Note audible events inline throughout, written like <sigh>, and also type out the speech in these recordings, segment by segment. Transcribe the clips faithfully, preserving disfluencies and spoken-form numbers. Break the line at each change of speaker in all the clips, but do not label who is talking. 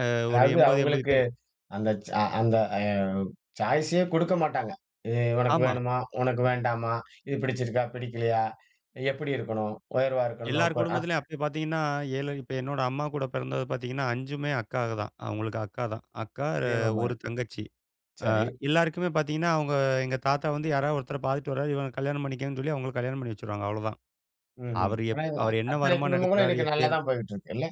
அ ஒரு
அதாது
எம்பது எம்பது
அவங்களுக்கு
பே
அந்த ச அந்த அ சாயிசே குடுக்கமாட்டாங்க. எ உனக்கு
ஆமா.
வேணுமா? உனக்கு வேண்டாமா? இது பிடிச்சிருக்கா? பிடிக்கலையா? எப்டி இருக்கணும்? உயர்வா இருக்கணுமா?
எல்லாரு
கோ அ.
குடும்பத்துலயு அப்டி பாத்தீங்கன்னா? ஏழு இப்ப என்னோட அம்மா கூடப் பிறந்தது பாத்தீங்கன்னா அஞ்சுமே அக்காக தான். அவங்களுக்கு அக்கா தான். அக்கா, அ
பிரியம்மா
ஒரு
மாரு,
தங்கச்சி. அ
சரி.
எல்லாருக்குமே பாத்தீங்கன்னா அவங்க எங்க தாத்தா வந்து யார ஒருத்தர பாத்துட்டு வறார். இவன கல்யாணம் பண்ணிக்க சொல்லி அவங்களுக்கு கல்யாணம் பண்ணி வச்சிருவாங்க. அவ்ளோதான்,
ம், ம்,
அவரு
ஆனா
எப்
இது
அவரு என்ன
அத்தனை
வருமான
குடும்பங்கலூ
எடுக்குறாரு
இன்னைக்கு
எப்டி எடுக்
நல்லாதான் போய்க்கிட்டுருக்கு, இல்ல.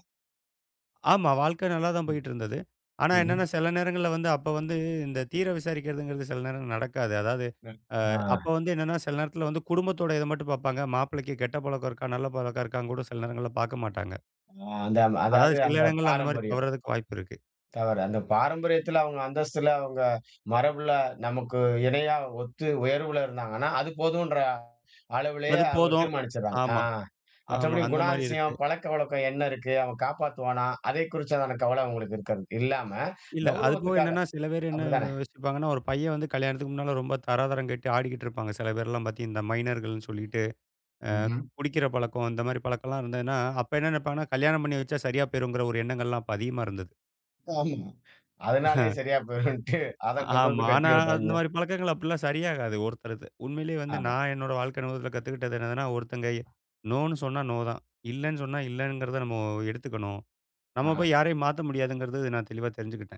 ஆமா. வாழ்க்க நல்லா தான்
ம்,
போய்டுருந்தது. ஆனா என்னன்னா
ம்ஹம்.
சில நேரங்கள்ல வந்து அப்ப வந்து இந்தத் தீர விசாரிக்கிறதுங்கறது சில நேரம் நடக்காது. அதாது,
ம்,
அ அப்போ
ஆ.
வந்து என்னன்னா, சில நேரத்துல வந்து குடும்பத்தோட இத மட்டும் பாப்பாங்க. மாப்பிள்ளைக்கு கெட்ட பழக்கம் இருக்கா, நல்ல பழக்கம் இருக்கான்னு கூடச் சில நேரங்கள்ல பாக்கமாட்டாங்க.
அ அந்த
அதாது
அதாது
சில
அந்த
இடங்கள்ல அந்த மாரி
பாரம்பரியம்.
தவறுறதுக்கு வாய்ப்பு இருக்கு.
தவறு. அந்தப் பாரம்பரியத்துல அவங்க அந்தஸ்துல அவங்க மரபுல நமக்கு இணையா ஒத்து உயர்வுல இருந்தாங்கன்னா, அது போதுன்ற அளவுலயே
அது
அவங்க
போதும்.
தீர்மாணிச்சிறாங்க. அ
ஆமா, ஆமா.
மற்றபடி
அந்த மாரி இருக்கு.
குணாதிசயம், பழக்கவழக்கோ என்ன இருக்கு, அவன் காப்பாத்துவானா? அதைக் குறிச்சுதானே கவல அவங்களுக்கு இருக்காது. இல்லாம
இல்ல அது போக
கௌரவத்துக்காக.
என்னன்னா, சில பேர் என்ன
அப்டிதானே?
யோசிப்பாங்கன்னா, ஒரு பைய வந்து கல்யாணத்துக்கு முன்னால ரொம்ப தராதரங்கட்டு ஆடிக்கிட்டு இருப்பாங்க. சில பேர்லா பாத்திங் இந்த மைனர்கள்னு சொல்லிட்டு அ
ம்ஹம்.
குடிக்கற பழக்கம் அந்த மாரிப் பழக்கலா இருந்ததுன்னா, அப்ப என்ன நெனைப்பாங்கனா? கல்யாணம் பண்ணி வச்சா சரியா போயிருங்கற ஒரு எண்ணங்கள்லா அப்ப அதிகமா இருந்தது.
ஆமா, அதனாலே
<chuckles>
சரியா போய்ருன்டு அதக் கொண்டு
ஆமா.
வந்து கட்டி
ஆனா
வைப்பாங்க.
அந்த மாரிப் பழக்கங்கள் அப்டிலா சரியாகாது. ஒருத்தருக்கு உண்மையிலேயே வந்து
ஆமா.
நா என்னோட வாழ்க்கைல முதல்ல கத்துக்கிட்டது என்னன்னா, ஒருத்தங்க "நோனு" சொன்ன "நோ" தான். இல்லன்னு சொன்னா இல்லங்கறத நம்ம எடுத்துக்கணு. நம்ம
ஆஹா.
போய் யாரையும் மாத்த முடியாதுங்கறத நா தெளிவா தெரிஞ்சுக்கிட்டேன்.